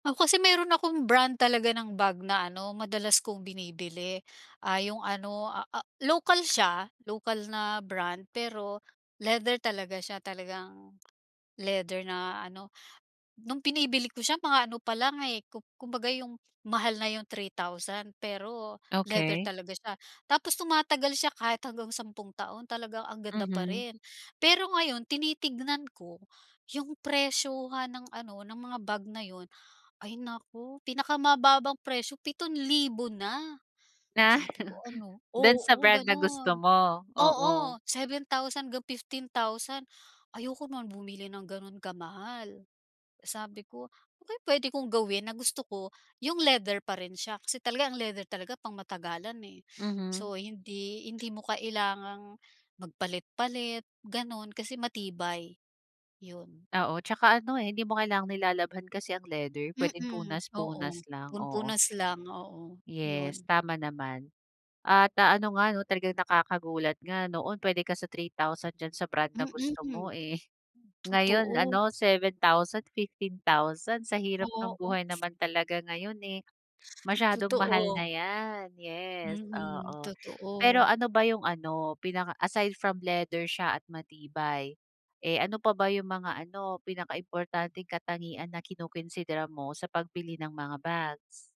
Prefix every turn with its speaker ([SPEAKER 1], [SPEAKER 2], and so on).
[SPEAKER 1] Ako kasi meron akong brand talaga ng bag na ano madalas kong binibili, ah, yung ano, ah ah, lokal siya, lokal na brand pero leather talaga siya, talagang leather na ano. Nung binibili ko siya mga ano pa lang, eh, ku kumbaga yung mahal na yung 3,000 pero leather
[SPEAKER 2] Okey.
[SPEAKER 1] talaga siya. Tapos tumatagal siya kahit hanggang sampung taon, talagang ang ganda pa
[SPEAKER 2] Mhm.
[SPEAKER 1] rin. Pero ngayon tinitingnan ko, yung presyohan ng ano ng mga bag ngayon, ay naku pinakamababang presyo 7,000 na.
[SPEAKER 2] Ah,
[SPEAKER 1] Sabi ko ano,
[SPEAKER 2] do'n sa
[SPEAKER 1] oo
[SPEAKER 2] brand na gusto
[SPEAKER 1] gano'n,
[SPEAKER 2] mo, oo.
[SPEAKER 1] oo 7,000 hanggang 15,000. Ayoko nga bumili ng gano'n kamahal. Sabi ko, "Ano kaya puwede kong gawin na gusto ko yung leather pa rin siya," kasi talaga ang leather talaga pang matagalan, eh.
[SPEAKER 2] Mhm.
[SPEAKER 1] So, hindi hindi mo kailangang magpalit-palit gano'n kasi matibay, yun.
[SPEAKER 2] Oo, 'tsaka ano, eh, hindi mo kailangang nilalabhan kasi ang leather, puwedeng
[SPEAKER 1] Mm, oo.
[SPEAKER 2] punas-punas lang,
[SPEAKER 1] Pun
[SPEAKER 2] oo.
[SPEAKER 1] punas lang oo,
[SPEAKER 2] Yes,
[SPEAKER 1] yun.
[SPEAKER 2] tama naman. At, ah, ano nga 'no talagang nakakagulat nga noon puwede ka sa 3,000 diyan sa brand na gusto mo,
[SPEAKER 1] Mm,
[SPEAKER 2] eh. Ngayon
[SPEAKER 1] totoo.
[SPEAKER 2] ano 7,000, 15,000, sa hirap ng
[SPEAKER 1] Oo.
[SPEAKER 2] buhay naman talaga ngayon, eh, masyadong mahal
[SPEAKER 1] Totoo.
[SPEAKER 2] na yan, yes,
[SPEAKER 1] Mm,
[SPEAKER 2] oo. Pero
[SPEAKER 1] totoo.
[SPEAKER 2] ano ba yung ano, pinaka aside from leather siya at matibay, eh, ano pa ba yung mga ano pinaka-importanteng katangian na kino-konsidera mo sa pagbili ng mga bags?